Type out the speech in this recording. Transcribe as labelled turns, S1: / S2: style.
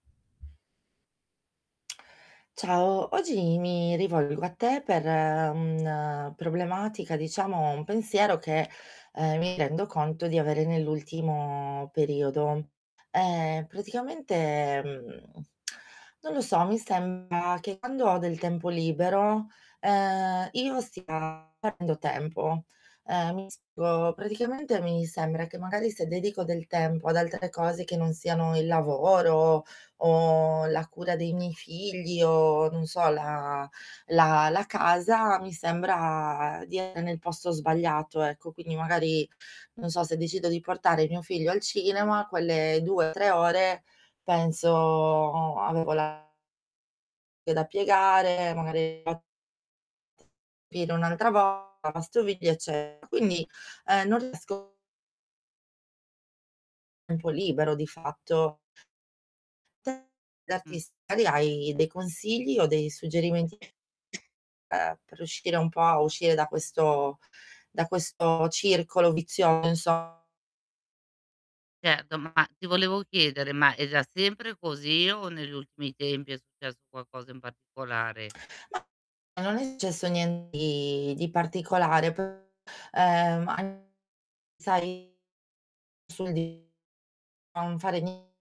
S1: Ciao, oggi mi rivolgo a te per un problematica, diciamo un pensiero che, ehm, mi rendo conto di avere nell'ultimo periodo. Ehm, praticamente, mhmm, non lo so, mi sembra che quando ho del tempo libero, ehm, io stia perdendo tempo, ehm, mi [unintelligible] praticamente mi sembra che magari se dedico del tempo ad altre cose, che non siano il lavoro o la cura dei miei figli o, non so, la la la casa, mi sembra di essere nel posto sbagliato ecco, quindi magari, non so, se decido di portare mio figlio al cinema, quelle 2 o 3 ore penso: "Avevo la" "da piegare, magari" [unintelligible] [unintelligible] ..."un'altra vo lavastoviglie", ecce quindi, ehm, non riesco Tempo libero di fatto.
S2: Mh.
S1: [unintelligible] hai dei consigli o dei suggerimenti ehm, per riuscire un po' a uscire da questo da questo circolo vizioso, inso
S2: Certo, ma ti volevo chiedere: ma era sempre così o negli ultimi tempi è successo qualcosa in particolare?
S1: Ma non è successo nien di di particolare p ehm, an sai sul di non fare ni